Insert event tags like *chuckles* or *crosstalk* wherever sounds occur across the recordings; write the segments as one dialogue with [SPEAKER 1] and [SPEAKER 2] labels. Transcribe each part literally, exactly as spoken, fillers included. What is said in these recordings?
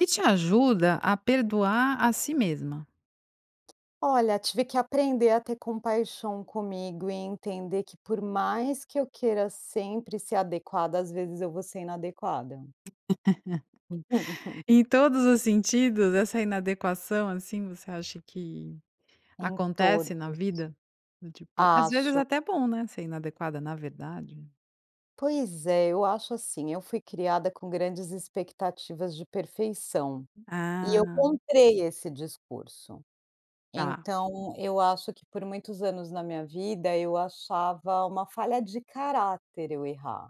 [SPEAKER 1] E te ajuda a perdoar a si mesma.
[SPEAKER 2] Olha, tive que aprender a ter compaixão comigo e entender que por mais que eu queira sempre ser adequada, às vezes, eu vou ser inadequada. Uhum. *laughs*
[SPEAKER 1] *laughs* Em todos os sentidos, essa "inadequação", assim, você acha que
[SPEAKER 2] Em todos.
[SPEAKER 1] acontece na vida? Do tipo, às vezes,
[SPEAKER 2] Acho.
[SPEAKER 1] até bom, né, ser inadequada, na verdade.
[SPEAKER 2] Pois é, eu acho assim, eu fui criada com grandes expectativas de perfeição. E eu
[SPEAKER 1] Ah.
[SPEAKER 2] comprei esse discurso,
[SPEAKER 1] Ah.
[SPEAKER 2] então eu acho que por muitos anos na minha vida eu achava uma falha de caráter eu errar,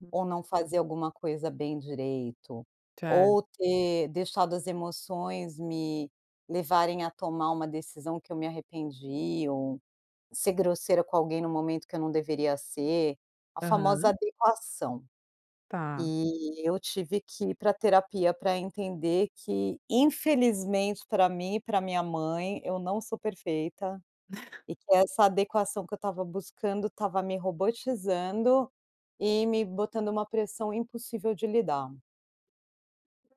[SPEAKER 1] Hum.
[SPEAKER 2] ou não fazer alguma coisa bem direito.
[SPEAKER 1] Certo.
[SPEAKER 2] Ou ter deixado as emoções me levarem a tomar uma decisão que eu me arrependi, ou ser grosseira com alguém no momento que eu não deveria ser, a famosa
[SPEAKER 1] Aham.
[SPEAKER 2] "adequação".
[SPEAKER 1] Tá.
[SPEAKER 2] E eu tive que ir pra terapia pra entender que, infelizmente, pra mim e pra minha mãe eu não sou perfeita,
[SPEAKER 1] *laughs*
[SPEAKER 2] e que essa adequação que eu estava buscando estava me robotizando, e me botando uma pressão impossível de lidar.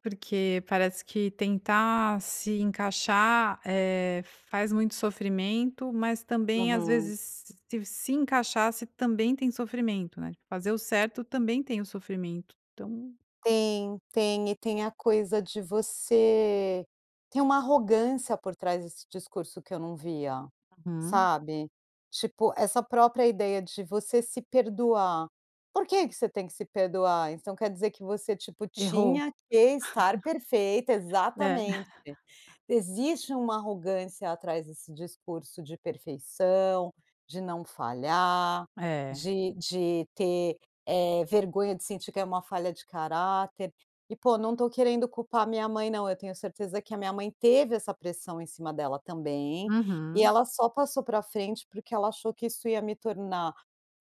[SPEAKER 1] Porque parece que tentar se encaixar, eh, faz muito sofrimento, mas, também, às
[SPEAKER 2] Uhum.
[SPEAKER 1] vezes, se encaixar se também tem sofrimento, né, fazer o certo também tem o sofrimento, então.
[SPEAKER 2] Tem, tem e tem a coisa de você tem uma arrogância por trás desse discurso que eu não via,
[SPEAKER 1] Uhum.
[SPEAKER 2] sabe? Tipo, essa própria ideia de você se perdoar, por que que você tem que se perdoar? Então quer dizer que você, tipo,
[SPEAKER 1] Errou.
[SPEAKER 2] tinha que estar
[SPEAKER 1] *chuckles*
[SPEAKER 2] perfeita
[SPEAKER 1] É.
[SPEAKER 2] exatamente!
[SPEAKER 1] *laughs*
[SPEAKER 2] Existe uma arrogância atrás desse discurso de perfeição, de não falhar,
[SPEAKER 1] É.
[SPEAKER 2] de de ter, eh, vergonha de sentir que é uma falha de caráter. E pô, não estou querendo culpar minha mãe não, eu tenho certeza que a minha mãe teve essa pressão em cima dela também, e
[SPEAKER 1] Uhum.
[SPEAKER 2] ela só passou pra frente porque ela achou que isso ia me tornar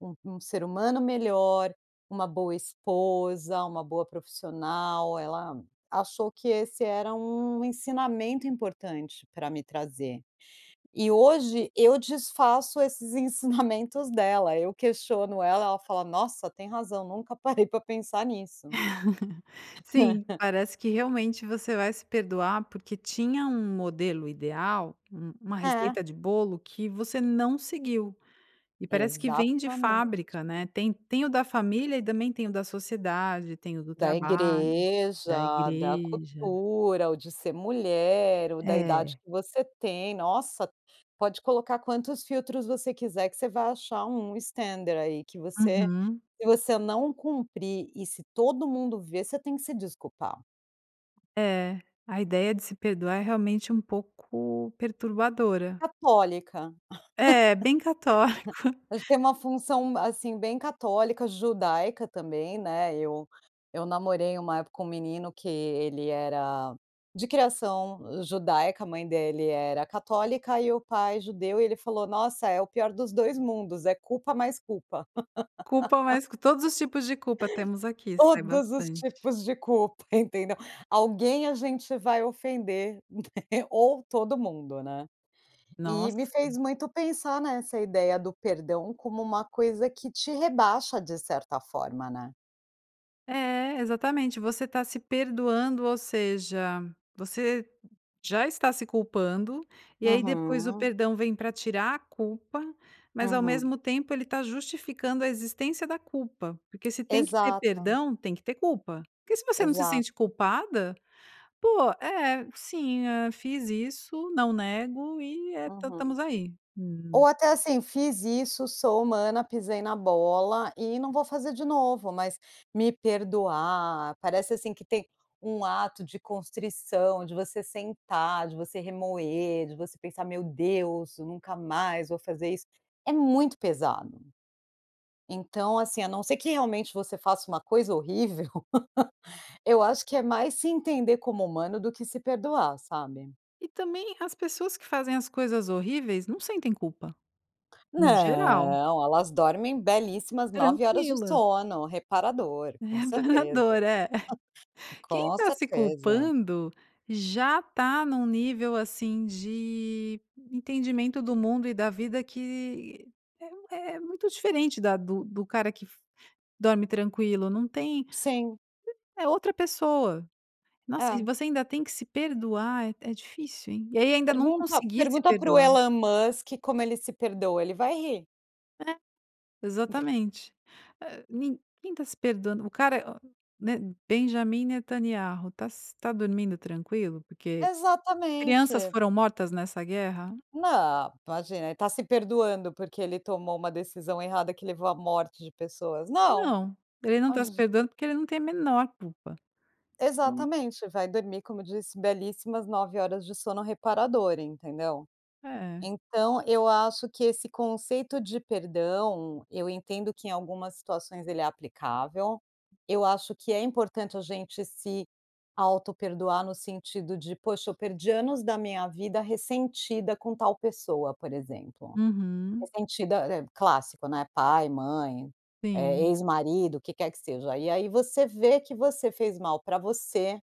[SPEAKER 2] um um ser humano melhor, uma boa esposa, uma boa profissional. Ela achou que esse era um ensinamento importante pra me trazer. E hoje eu desfaço esses ensinamentos dela, eu questiono ela, ela fala: "Nossa, tem razão, nunca parei pra pensar nisso".
[SPEAKER 1] *laughs* Sim,
[SPEAKER 2] *laughs*
[SPEAKER 1] parece que realmente você vai se perdoar porque tinha um modelo ideal, u uma
[SPEAKER 2] É.
[SPEAKER 1] receita de bolo que você não seguiu. E parece que vem de
[SPEAKER 2] Exatamente.
[SPEAKER 1] fábrica, né. Tem tem o da família e também tem o da sociedade, tem o do
[SPEAKER 2] Da
[SPEAKER 1] trabalho, da
[SPEAKER 2] igreja, da
[SPEAKER 1] igreja.
[SPEAKER 2] cultura, ou de ser mulher, ou da idade
[SPEAKER 1] É.
[SPEAKER 2] que você tem. Nossa, pode colocar quantos filtros você quiser que você vai achar um standard, aí, que você
[SPEAKER 1] Uhum.
[SPEAKER 2] se você não cumprir, e se todo mundo ver, você tem que se desculpar.
[SPEAKER 1] É, a ideia de se perdoar é realmente um pouco perturbadora.
[SPEAKER 2] Católica.
[SPEAKER 1] É, bem católico.
[SPEAKER 2] *giggles* A gente tem uma função, assim, bem católica, judaica também, né, eu eu namorei uma época com um menino que ele era de criação judaica, a mãe dele era católica e o pai judeu e ele falou: "Nossa, é o pior dos dois mundos, é culpa mais culpa."
[SPEAKER 1] Culpa
[SPEAKER 2] *laughs*
[SPEAKER 1] mais que todos os tipos de culpa temos
[SPEAKER 2] *giggles*
[SPEAKER 1] aqui, sai
[SPEAKER 2] Todos os
[SPEAKER 1] bastante.
[SPEAKER 2] tipos de culpa, entendeu? Alguém a gente vai ofender, né? Ou todo mundo, né? E
[SPEAKER 1] Nossa.
[SPEAKER 2] me fez muito pensar nessa ideia do perdão como uma coisa que te rebaixa de certa forma, né?
[SPEAKER 1] É, exatamente. Você tá se perdoando, ou seja, você já está se culpando e aí depois o
[SPEAKER 2] Uhum.
[SPEAKER 1] perdão vem para tirar a culpa, mas ao
[SPEAKER 2] Uhum.
[SPEAKER 1] mesmo tempo ele tá justificando a existência da culpa. Porque se tem que ter
[SPEAKER 2] Exato.
[SPEAKER 1] perdão, tem que ter culpa. Porque se você não se
[SPEAKER 2] Exato.
[SPEAKER 1] sente culpada. "Pô, é, sim, hã, fiz isso, não nego e é tam
[SPEAKER 2] Uhum.
[SPEAKER 1] estamos aí."
[SPEAKER 2] Ou
[SPEAKER 1] Hum.
[SPEAKER 2] até assim: "Fiz isso, sou humana, pisei na bola e não vou fazer de novo". Mas me perdoar, parece assim que tem um ato de constrição, de você sentar, de você remoer, de você pensar: "Meu Deus, nunca mais vou fazer isso". É muito pesado. Então assim, a não ser que realmente você faça uma coisa horrível, *laughs* eu acho que é mais se entender como humano do que se perdoar, sabe?
[SPEAKER 1] E também as pessoas que fazem as coisas horríveis não sentem culpa. No geral.
[SPEAKER 2] Não, elas dormem belíssimas nove horas de
[SPEAKER 1] Tranquilas.
[SPEAKER 2] sono reparador
[SPEAKER 1] É,
[SPEAKER 2] com certeza.
[SPEAKER 1] reparador é.
[SPEAKER 2] *giggles*
[SPEAKER 1] *giggles* Quem
[SPEAKER 2] Com
[SPEAKER 1] está se
[SPEAKER 2] certeza.
[SPEAKER 1] culpando já está num nível, assim, de entendimento do mundo e da vida que é um é muito diferente da do do cara que f dorme tranquilo. Não tem,
[SPEAKER 2] Sim.
[SPEAKER 1] é outra pessoa. Nossa, e
[SPEAKER 2] É.
[SPEAKER 1] você ainda tem que se perdoar é é difícil, hein. E aí ainda não
[SPEAKER 2] Pergunta
[SPEAKER 1] conseguir se
[SPEAKER 2] pergunta para o
[SPEAKER 1] perdoar.
[SPEAKER 2] Elon Musk como ele se perdoa, ele vai rir.
[SPEAKER 1] É,
[SPEAKER 2] *giggles*
[SPEAKER 1] exatamente. Eh ninguém tá se perdoando, o cara é né? Benjamin Netanyahu, tá s tá dormindo tranquilo? Porque crianças
[SPEAKER 2] Exatamente.
[SPEAKER 1] foram mortas nessa guerra?
[SPEAKER 2] Não, imagina, ele tá se perdoando porque ele tomou uma decisão errada que levou à morte de pessoas. Não.
[SPEAKER 1] Não, ele não tá
[SPEAKER 2] Aonde
[SPEAKER 1] se
[SPEAKER 2] a ge
[SPEAKER 1] perdoando porque ele não tem a menor culpa. Então.
[SPEAKER 2] Exatamente, vai dormir, como eu disse, belíssimas nove horas de sono reparador, entendeu?
[SPEAKER 1] É.
[SPEAKER 2] Então, eu acho que esse conceito de perdão, eu entendo que em algumas situações ele é aplicável, eu acho que é importante a gente se autoperdoar no sentido de: "Poxa, eu perdi anos da minha vida ressentida com tal pessoa", por exemplo.
[SPEAKER 1] Uhum.
[SPEAKER 2] Ressentida, é é clássico, né? Pai, mãe, eh,
[SPEAKER 1] Sim.
[SPEAKER 2] ex-marido, o que quer que seja, e aí você vê que você fez mal para você,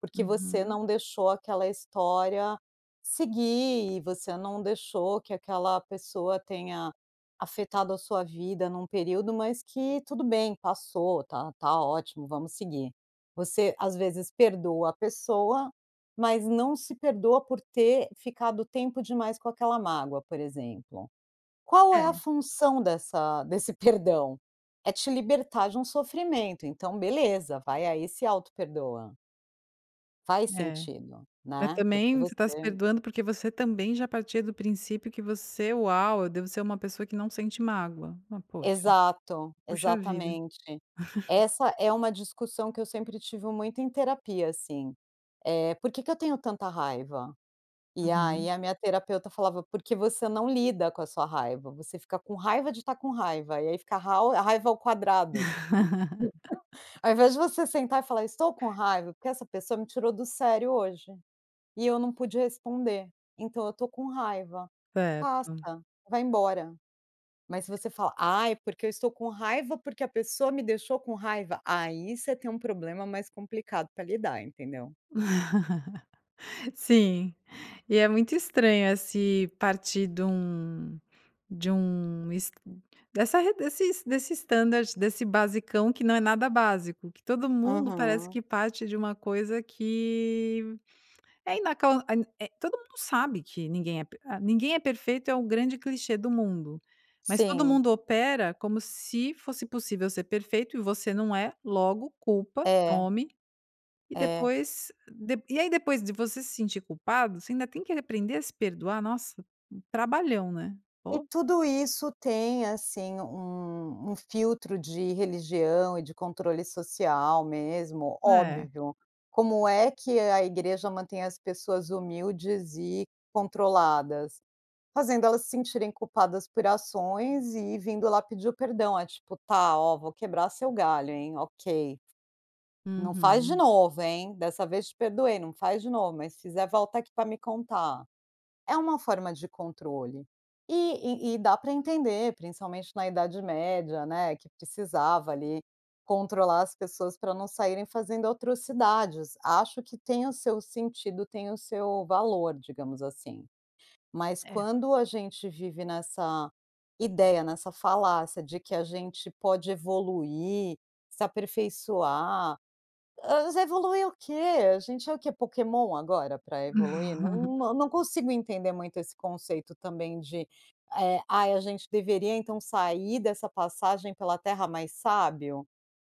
[SPEAKER 2] porque você
[SPEAKER 1] Uhum.
[SPEAKER 2] não deixou aquela história seguir e você não deixou que aquela pessoa tenha afetado a sua vida num período, mas que tudo bem, passou, tá tá ótimo, vamos seguir. Você, às vezes, perdoa a pessoa, mas não se perdoa por ter ficado tempo demais com aquela mágoa, por exemplo. Qual é a
[SPEAKER 1] É.
[SPEAKER 2] função dessa desse perdão? É te libertar de um sofrimento, então, beleza, vai aí e se autoperdoa. Faz
[SPEAKER 1] É,
[SPEAKER 2] sentido,
[SPEAKER 1] mas
[SPEAKER 2] né? Porque
[SPEAKER 1] também você tá se
[SPEAKER 2] você
[SPEAKER 1] perdoando porque você também já partia do princípio que você "Uau, eu devo ser uma pessoa que não sente mágoa". Mas puxa.
[SPEAKER 2] Exato.
[SPEAKER 1] Puxa vida.
[SPEAKER 2] Exatamente.
[SPEAKER 1] *giggles*
[SPEAKER 2] Essa é uma discussão que eu sempre tive muito em terapia assim, eh: "Porque que eu tenho tanta raiva?" E aí
[SPEAKER 1] Uhum.
[SPEAKER 2] a minha terapeuta falava: "Porque você não lida com a sua raiva, você fica com raiva de estar com raiva, e aí fica a rau a raiva ao quadrado."
[SPEAKER 1] *laughs*
[SPEAKER 2] *giggles* Ao invés de você sentar e falar: "Eu estou com raiva porque essa pessoa me tirou do sério hoje, e eu não pude responder, então eu estou com raiva". Passa,
[SPEAKER 1] Certo.
[SPEAKER 2] vai embora, mas se você fala: "Ai, é porque eu estou com raiva porque a pessoa me deixou com raiva". Aí você tem um problema mais complicado para lidar, entendeu?
[SPEAKER 1] *giggles* Sim. E é muito estranho, assim, partir de um de um es dessa re desses desse standard, desse basicão que não é nada básico, que todo mundo parece
[SPEAKER 2] Aham.
[SPEAKER 1] que parte de uma coisa que, é inacan en é Todo mundo sabe que ninguém é p ah "Ninguém é perfeito" é um grande clichê do mundo, mas todo
[SPEAKER 2] Sim.
[SPEAKER 1] mundo opera como se fosse possível ser perfeito, e você não é, logo, culpa,
[SPEAKER 2] É.
[SPEAKER 1] tome, e
[SPEAKER 2] É.
[SPEAKER 1] depois d dê e aí depois de você se sentir culpado você ainda tem que aprender a se perdoar? Nossa! Trabalhão, né?
[SPEAKER 2] E
[SPEAKER 1] pô.
[SPEAKER 2] tudo isso tem, assim, um um filtro de religião e de controle social mesmo.
[SPEAKER 1] É.
[SPEAKER 2] Óbvio. Como é que a igreja mantém as pessoas humildes e controladas? Fazendo elas se sentirem culpadas por ações e vindo lá pedir o perdão, a tipo: "Tá, ó, vou quebrar seu galho, hein. Ok. Não faz de
[SPEAKER 1] Uhum.
[SPEAKER 2] novo, hein. Dessa vez te perdoei, não faz de novo, mas se fizer, volta aqui para me contar". É uma forma de controle, e e e dá para entender, principalmente na Idade Média, né, que precisava ali controlar as pessoas para não saírem fazendo atrocidades. Acho que tem o seu sentido, tem o seu valor, digamos assim. Mas
[SPEAKER 1] É.
[SPEAKER 2] quando a gente vive nessa ideia, nessa falácia de que a gente pode evoluir, se aperfeiçoar. Ah, mas vai evoluir o quê? A gente é o quê, Pokémon, agora, para evoluir? Nã
[SPEAKER 1] *giggles*
[SPEAKER 2] não, eu não consigo entender muito esse conceito também de: "Eh, ai, a gente deveria, então, sair dessa passagem pela Terra mais sábio."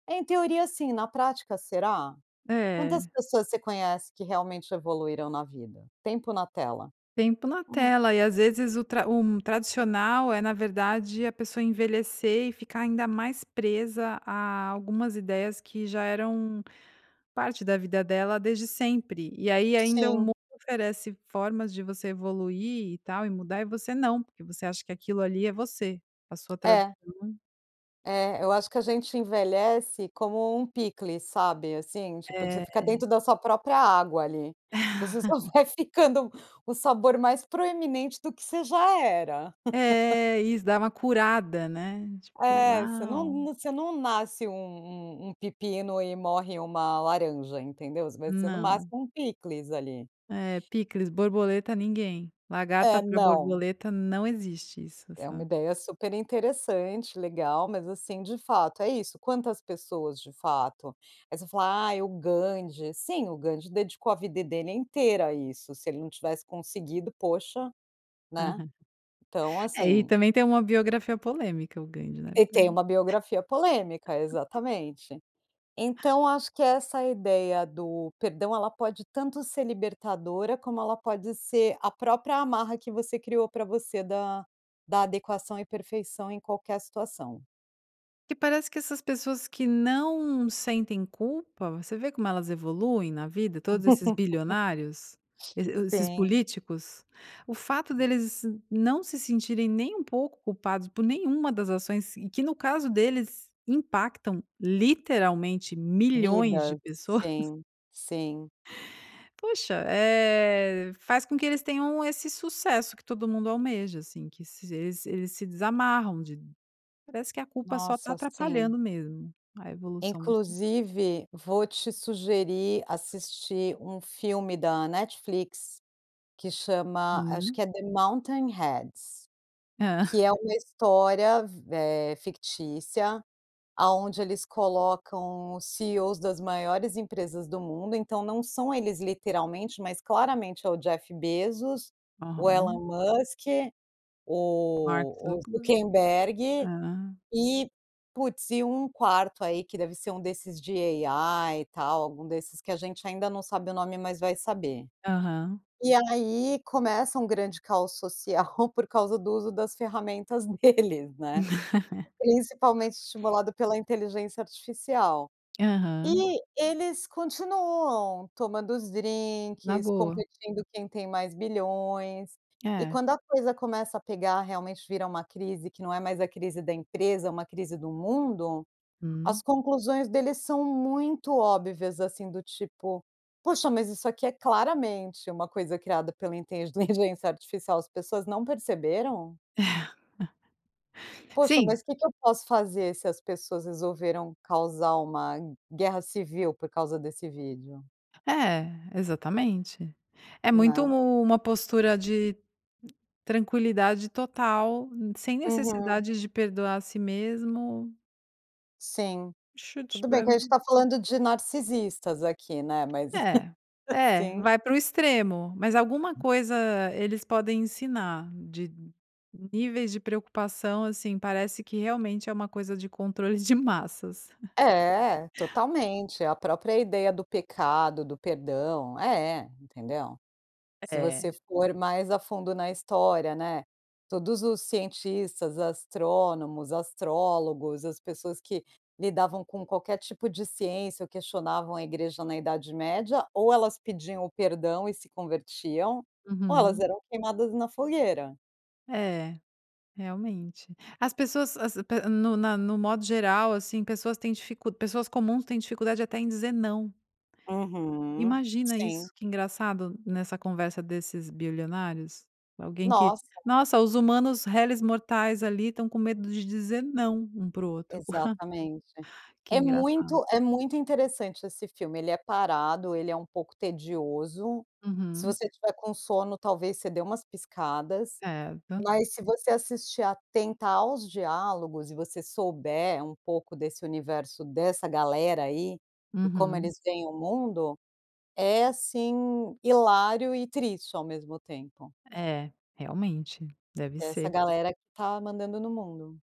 [SPEAKER 2] Em teoria, sim, na prática, será? Quantas
[SPEAKER 1] É.
[SPEAKER 2] pessoas você conhece que realmente evoluíram na vida? Tempo na tela.
[SPEAKER 1] Tem pela
[SPEAKER 2] Hum.
[SPEAKER 1] tela e às vezes o tra um tradicional é na verdade a pessoa envelhecer e ficar ainda mais presa a algumas ideias que já eram parte da vida dela desde sempre. E aí ainda o mundo
[SPEAKER 2] Sim.
[SPEAKER 1] oferece formas de você evoluir, e tal, e mudar, e você não, porque você acha que aquilo ali é você, a sua trad
[SPEAKER 2] É.
[SPEAKER 1] *unintelligible*
[SPEAKER 2] É, eu acho que a gente envelhece como um picles, sabe, assim. Tipo, de ficar
[SPEAKER 1] É.
[SPEAKER 2] dentro da sua própria água ali, você só
[SPEAKER 1] *giggles*
[SPEAKER 2] vai ficando o sabor mais proeminente do que você já era. *laughs*
[SPEAKER 1] É, isso, dá uma curada, né? Tipo
[SPEAKER 2] É, você não
[SPEAKER 1] "Uau".
[SPEAKER 2] não você não nasce um um um pepino e morre uma laranja, entendeu? Você vai ser no
[SPEAKER 1] Não.
[SPEAKER 2] máximo um picles ali.
[SPEAKER 1] É, picles, borboleta, ninguém. Lagarta
[SPEAKER 2] É,
[SPEAKER 1] pra
[SPEAKER 2] não.
[SPEAKER 1] borboleta, não existe isso,
[SPEAKER 2] É uma
[SPEAKER 1] sabe?
[SPEAKER 2] ideia super interessante, legal. Mas, assim, de fato, é isso. Quantas pessoas de fato? Aí você fala: "Ai, o Gandhi." Sim, o Gandhi dedicou a vida dele inteira a isso, se ele não tivesse conseguido, poxa, né? Então
[SPEAKER 1] *giggles* É, e
[SPEAKER 2] assim.
[SPEAKER 1] também tem uma biografia polêmica o Gandhi né?
[SPEAKER 2] E tem
[SPEAKER 1] *unintelligible*
[SPEAKER 2] uma biografia polêmica,
[SPEAKER 1] *giggles*
[SPEAKER 2] exatamente. Então eu acho que essa ideia do perdão ela pode tanto ser libertadora como ela pode ser a própria amarra que você criou para você da da adequação e perfeição em qualquer situação.
[SPEAKER 1] Que parece que essas pessoas que não sentem culpa, você vê como elas evoluem na vida, todos esses bilionários, e
[SPEAKER 2] *giggles*
[SPEAKER 1] e o esses
[SPEAKER 2] Sim.
[SPEAKER 1] políticos? O fato deles nã não se sentirem nem um pouco culpados, por nenhuma das ações, e que no caso deles impactam, literalmente, milhões de
[SPEAKER 2] Vidas,
[SPEAKER 1] pessoas.
[SPEAKER 2] sim, sim.
[SPEAKER 1] Poxa, eh, faz com que eles tenham esse sucesso que todo mundo almeja, assim, que se eles eles se desamarram de parece que a culpa só tá
[SPEAKER 2] Nossa, sim.
[SPEAKER 1] atrapalhando mesmo a evolução do espírito.
[SPEAKER 2] Inclusive, vou te sugerir assistir um filme da Netflix que chama, acho
[SPEAKER 1] Hum.
[SPEAKER 2] que é The Mountain Heads,
[SPEAKER 1] Hã.
[SPEAKER 2] que é uma história v eh, fictícia, aonde eles colocam os CEOs das maiores empresas do mundo, então não são eles literalmente, mas claramente é o Jeff Bezos, o Elon
[SPEAKER 1] Aham.
[SPEAKER 2] Musk,
[SPEAKER 1] Mark
[SPEAKER 2] o o
[SPEAKER 1] Zuckenberg.
[SPEAKER 2] Zuckerberg
[SPEAKER 1] Hã.
[SPEAKER 2] e, putz, e um quarto aí que deve ser um desses de AI e tal, algum desses que a gente ainda não sabe o nome, mas vai saber.
[SPEAKER 1] Aham.
[SPEAKER 2] E aí começa um grande caos social por causa do uso das ferramentas deles, né?
[SPEAKER 1] *laughs*
[SPEAKER 2] Principalmente estimulado pela inteligência artificial,
[SPEAKER 1] Aham.
[SPEAKER 2] e eles continuam tomando os
[SPEAKER 1] Na
[SPEAKER 2] drinques,
[SPEAKER 1] boa.
[SPEAKER 2] competindo quem tem mais bilhões, e
[SPEAKER 1] É.
[SPEAKER 2] quando a coisa começa a pegar, realmente vira uma crise que não é mais a crise da empresa, é uma crise do mundo,
[SPEAKER 1] Hum.
[SPEAKER 2] as conclusões deles são muito óbvias, assim, do tipo: "Poxa, mas isso aqui é claramente uma coisa criada pela inteligência artificial, as pessoas não perceberam?"
[SPEAKER 1] *giggles*
[SPEAKER 2] Poxa,
[SPEAKER 1] Sim.
[SPEAKER 2] mas que que eu posso fazer se as pessoas resolveram causar uma guerra civil por causa desse vídeo?
[SPEAKER 1] É, exatamente. É muito
[SPEAKER 2] Não.
[SPEAKER 1] uma postura de tranquilidade total, hum, sem
[SPEAKER 2] Uhum.
[SPEAKER 1] necessidades de perdoar a si mesmo.
[SPEAKER 2] Sim, tudo bem que a gente
[SPEAKER 1] *unintelligible*
[SPEAKER 2] tá falando de narcisistas aqui, né, mas,
[SPEAKER 1] É,
[SPEAKER 2] *giggles*
[SPEAKER 1] é,
[SPEAKER 2] sim.
[SPEAKER 1] vai pro extremo, mas alguma coisa eles podem ensinar de níveis de preocupação, assim, parece que realmente é uma coisa de controle de massas. *giggles*
[SPEAKER 2] É, totalmente. A própria ideia do pecado, do perdão é, entendeu.
[SPEAKER 1] É
[SPEAKER 2] Se
[SPEAKER 1] é.
[SPEAKER 2] você for mais a fundo na história, né, todos os cientistas, astrônomos, astrólogos, as pessoas que lidavam com qualquer tipo de ciência ou questionavam a igreja na idade média, ou elas pediam o perdão e se convertiam, ou elas
[SPEAKER 1] Uhum.
[SPEAKER 2] eram queimadas na fogueira.
[SPEAKER 1] É, realmente. As pessoas as a pe no na no modo geral, assim, pessoas têm dificu pessoas comuns têm dificuldade até em dizer "não".
[SPEAKER 2] Uhum,
[SPEAKER 1] Imagina
[SPEAKER 2] sim.
[SPEAKER 1] isso, que engraçado, nessa conversa desses bilionários, alguém que:
[SPEAKER 2] Nossa.
[SPEAKER 1] "Nossa, os humanos reles mortais, ali, estão com medo de dizer não um para o outro". *scoffs*
[SPEAKER 2] Exatamente.
[SPEAKER 1] Que
[SPEAKER 2] É
[SPEAKER 1] engraçado.
[SPEAKER 2] muito é muito interessante esse filme. Ele é parado, ele é um pouco tedioso. Se
[SPEAKER 1] Uhum.
[SPEAKER 2] você estiver com sono, talvez você dê umas piscadas.
[SPEAKER 1] É, tan
[SPEAKER 2] Mas se você assistir atenta aos diálogos, e você souber um pouco desse universo dessa galera aí, e como
[SPEAKER 1] Uhum.
[SPEAKER 2] eles veem o mundo, é, assim, hilário e triste ao mesmo tempo.
[SPEAKER 1] É, realmente. Deve
[SPEAKER 2] É essa
[SPEAKER 1] ser.
[SPEAKER 2] galera que está mandando no mundo.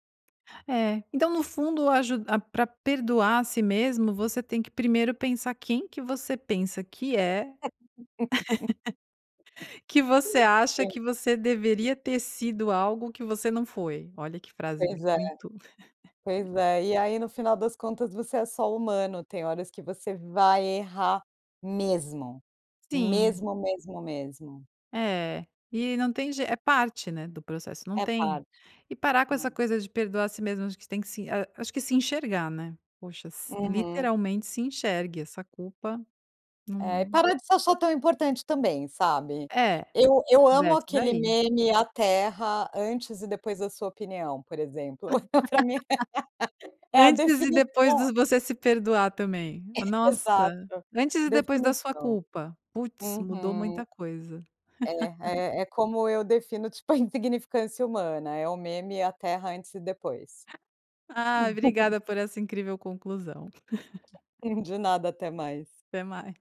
[SPEAKER 1] É, então no fundo a ju ah, pra perdoar a si mesmo, você tem que primeiro pensar quem que você pensa que é
[SPEAKER 2] *laughs*
[SPEAKER 1] *laughs* que você acha
[SPEAKER 2] Sim.
[SPEAKER 1] que você deveria ter sido algo que você não foi. Olha que frase
[SPEAKER 2] Pois é.
[SPEAKER 1] muito *laughs*
[SPEAKER 2] Pois é, e aí no final das contas você é só humano, tem horas que você vai errar mesmo.
[SPEAKER 1] Sim.
[SPEAKER 2] Mesmo, mesmo, mesmo.
[SPEAKER 1] É, e não tem jei é parte, né, do processo, não
[SPEAKER 2] É
[SPEAKER 1] tem
[SPEAKER 2] parte.
[SPEAKER 1] e parar com
[SPEAKER 2] Hã.
[SPEAKER 1] essa coisa de perdoar a si mesmo, acho que tem que se ah, acho que se enxergar, né. Poxa, si
[SPEAKER 2] Uhum.
[SPEAKER 1] literalmente se enxergue, essa culpa,
[SPEAKER 2] Eh, e
[SPEAKER 1] num
[SPEAKER 2] para de se achar tão importante também, sabe.
[SPEAKER 1] É,
[SPEAKER 2] Eu eu amo
[SPEAKER 1] desce
[SPEAKER 2] aquele
[SPEAKER 1] daí.
[SPEAKER 2] meme: "A terra antes e depois da sua opinião", por exemplo. Pra mim
[SPEAKER 1] *laughs*
[SPEAKER 2] é a
[SPEAKER 1] Antes e depois
[SPEAKER 2] definição
[SPEAKER 1] dos "você se perdoar" também. Nossa,
[SPEAKER 2] Exato.
[SPEAKER 1] "antes e depois da sua
[SPEAKER 2] Definição.
[SPEAKER 1] culpa". Putz, mudou
[SPEAKER 2] Uhum.
[SPEAKER 1] muita coisa.
[SPEAKER 2] É,
[SPEAKER 1] *laughs*
[SPEAKER 2] eh, é como eu defino, *chuckles* tipo, a insignificância humana, é o meme e a terra antes e depois.
[SPEAKER 1] Ah,
[SPEAKER 2] *laughs*
[SPEAKER 1] obrigada por essa incrível conclusão. *laughs*
[SPEAKER 2] *chuckles* De nada, até mais.
[SPEAKER 1] Até mais.